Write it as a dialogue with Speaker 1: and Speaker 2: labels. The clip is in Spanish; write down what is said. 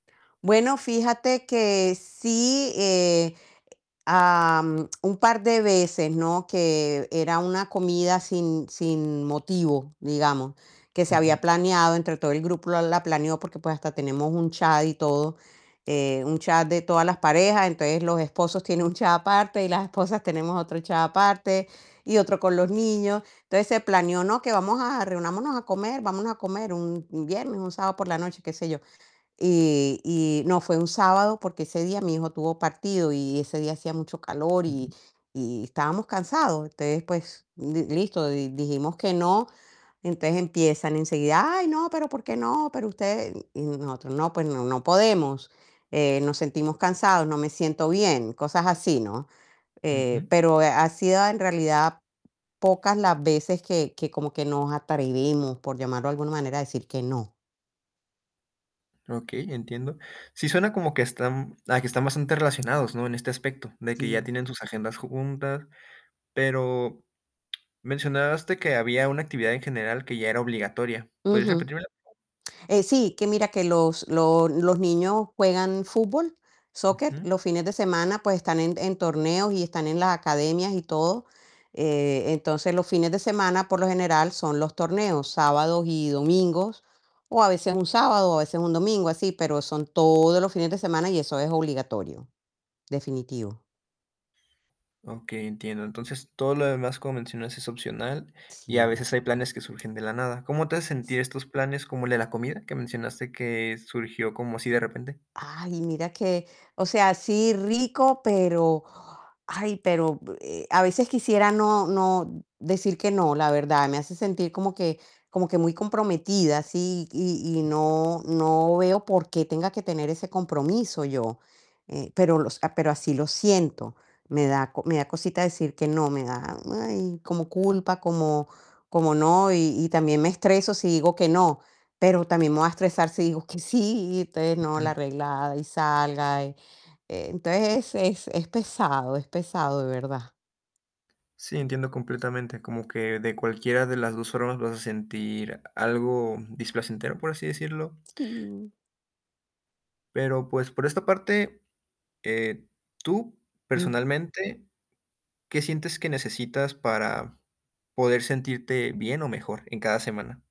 Speaker 1: Bueno, fíjate que sí, eh, am, un par de veces, ¿no? Que era una comida sin sin motivo, digamos, que se
Speaker 2: Ujú.
Speaker 1: había planeado, entre todo el grupo la la planeó, porque, pues, hasta tenemos un chat y todo. Eh, un chat de todas las parejas, entonces los esposos tienen un chat aparte, y las esposas tenemos otro chat aparte, y otro con los niños. Entonces se planeó: "No, que vamos a reunámonos a comer, vamos a comer", un un viernes, un sábado por la noche, qué sé yo. Y y no, fue un sábado, porque ese día mi hijo tuvo partido y ese día hacía mucho calor y
Speaker 2: Ujú.
Speaker 1: y estábamos cansados. Entonces, pues, m m listo, di dijimos que no. Entonces empiezan enseguida: "Ay, no, pero ¿por qué no? Pero ustedes". Y nosotros: "No, pues no no podemos, eh, nos sentimos cansados, no me siento bien", cosas así, ¿no? Eh,
Speaker 2: Ujú.
Speaker 1: pero, eh, ha sido en realidad pocas las veces que que como que nos atrevimos, por llamarlo de alguna manera, a decir que no.
Speaker 2: Okey, entiendo. Sí suena como que están a que están bastante relacionados, ¿no? En este aspecto, de que ya
Speaker 1: Sí.
Speaker 2: tienen sus agendas juntas. Pero mencionaste que había una actividad en general que ya era obligatoria. ¿Podrías
Speaker 1: Ujú.
Speaker 2: repetirmela?
Speaker 1: Eh, sí, que mira, que los los los niños juegan fútbol, soccer,
Speaker 2: Ujú.
Speaker 1: los fines de semana, pues, están en en torneos, y están en las academias y todo. Eh, entonces, los fines de semana, por lo general, son los torneos, sábados y domingos, o a veces un sábado, a veces un domingo, así, pero son todos los fines de semana y eso es obligatorio, definitivo.
Speaker 2: Okey, entiendo. Entonces, todo lo demás, como mencionas, es opcional, y a
Speaker 1: Sí.
Speaker 2: veces hay planes que surgen de la nada. ¿Cómo te hace sentir
Speaker 1: S
Speaker 2: estos planes, como el de la comida, que mencionaste que surgió como así de repente?
Speaker 1: Ay, mira que, o sea, sí rico, pero, ay, pero, eh, a veces quisiera no no decir que no, la verdad, me hace sentir como que como que muy comprometida, así y y no no veo por qué tenga que tener ese compromiso yo. Eh, pero los, ah, pero así lo siento, me da co me da cosita decir que no, me da, ay, como culpa, como como no. Y y también me estreso si digo que no, pero también me voy a estresar si digo que sí, y entonces, no,
Speaker 2: Ujú.
Speaker 1: la arreglada y salga. Entonces, es es es pesado, es pesado, de verdad.
Speaker 2: Sí, entiendo completamente, como que de cualquiera de las 2 formas vas a sentir algo displacentero, por así decirlo.
Speaker 1: Sí.
Speaker 2: Pero, pues, por esta parte, eh, tú,
Speaker 1: Mm.
Speaker 2: personalmente, ¿qué sientes que necesitas para poder sentirte bien o mejor en cada semana?